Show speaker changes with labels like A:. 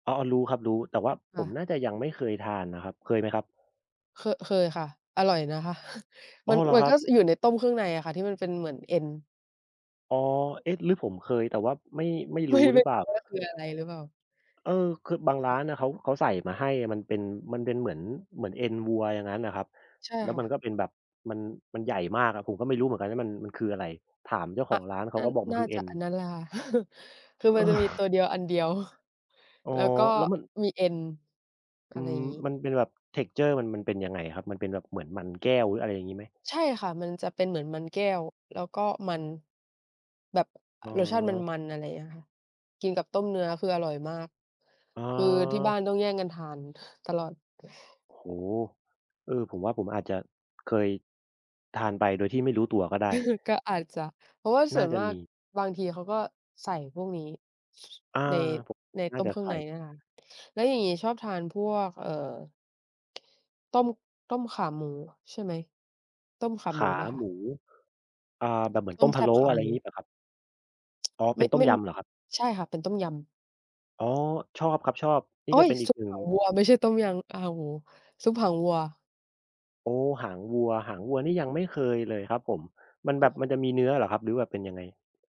A: อ้อ อ้อ รู้ครับ รู้ แต่ว่าผ
B: ค่
A: ม
B: ะ
A: น่าจะยังไม่เคยทานน่ะครับ เคยไหมครับ?
B: เคอะ เคยค่ะ อร่อยนะคะ
A: อ
B: ม
A: ๋
B: ั
A: อ!
B: น
A: เหรอ
B: มั
A: ค
B: น
A: รั
B: ก็
A: บ?
B: อยู่ในต้มเครื่องในอะค่ะ ที่มันเป็นเหมือนเอ็น
A: อ๋อ เอ๊ะ! หรือผมเคย แต่ว่าไม่ ไม่
B: ไ
A: ร
B: ม่
A: ู้ห
B: ไ
A: ร
B: ม
A: ื
B: ่
A: อเป
B: ร
A: ล
B: ู
A: ่
B: ้
A: า?
B: ว่าคืออะไรหรือเปล่า?
A: เออ คือบางร
B: เอ
A: ้า
B: อ
A: นน่ะเขา เขาใส่มาให้อะ มันเป็น มันเป็นเหมือน เหมือนเอ็นวัวอย่างงั้นน่ะครับ
B: ใช่
A: แล้ว
B: ค่
A: ม
B: ะ
A: ันก็เป็นแบบมัน มันใหญ่มากครับ ผมก็ไม่รู้เหมือนกันว่ามัน มันคืออะไร ถามเจ้าข
B: อ
A: อ
B: ะ
A: งร้านเข
B: น
A: า
B: ่า
A: ก็บอกมั
B: น
A: น
B: ่
A: ค
B: า
A: ือเอ
B: จ
A: ็
B: ะ
A: น
B: อันนั้นแหละค่ะ คื
A: เ
B: อมันจะมีต
A: ออ
B: ัวเดียวอันเดียว
A: อ๋อ
B: แล้วก็
A: แล้วมัน
B: มีเอ็น
A: อ
B: อ
A: ื
B: ะไรอ
A: ม
B: ย่างงี้
A: มันเป็นแบบ texture มัน มันเป็นยังไงอะครับ? มันเป็นแบบเหมือนมันแก้วหรือ อะไรอย่างงี้ไหม?
B: ใช่ค่ะ มันจะเป็นเหมือนมันแก้ว แล้วก็มัน แบบ
A: อ๋
B: รสชาติม
A: อ
B: ัน ๆ อะไรอย่างเงี้ยค่ะ กินกับต้มเนื้อคืออร่อยมาก
A: อ๋
B: คือที่บ้
A: อ
B: านต้องแย่งกันทานตลอด
A: โอ้โฮ! เออ ผมว่าผมอาจจะเคย ทานไปโดยที่ไม่รู้ตัวก็ได้
B: ก็อาจจะ เพราะว่าส
A: น่
B: ่
A: า
B: วน
A: จะ
B: มา
A: ม
B: ก
A: ี
B: บางทีเขาก็ใส่พวกนี้
A: อา
B: ใน
A: ผม
B: ใน
A: น่
B: ต
A: า
B: ้ม
A: จะ
B: เครื่
A: ใส
B: องใ
A: ่
B: นเนี่ยค่ะ แล้วอย่างงี้ชอบทานพวก เอ่อ ต้ม ต้มขาหมู ใช่ไหม ต้มขา
A: ข
B: หมู
A: า
B: ไหมค
A: หม
B: ะ?
A: ู อา แบบเหมือน
B: ต
A: ต
B: ้
A: ้
B: ม
A: ม
B: แ
A: พ
B: ซ
A: ะ
B: ่
A: โล
B: บ
A: ้
B: ขา
A: อะไ
B: หม
A: ร
B: ู
A: งี้เปล่าครับ? อ๋อ เ
B: ไ
A: ป
B: ม
A: ็
B: ่
A: นต้
B: ไ
A: ม
B: ม่
A: ยำเหรอครับ?
B: ใช่ค่ะ เป็นต้มยำ
A: อ๋อ ชอบครับ ชอบ นี่
B: โอ๊
A: ก็
B: ย!
A: เป็นอี
B: ซุ
A: ก
B: ป
A: หนึ่
B: ห
A: ง
B: างวัวไม่ใช่ต้มยำ อ้าว โอ้โฮ ซุปหางวัว
A: โอ้! หางวัว หางวัวนี่ยังไม่เคยเลยครับผม มันแ
B: อ
A: บบ
B: ร่อ
A: ม
B: ย
A: ันจะมีเนื้อเหรอครับ หรือแบบเป็นยังไง?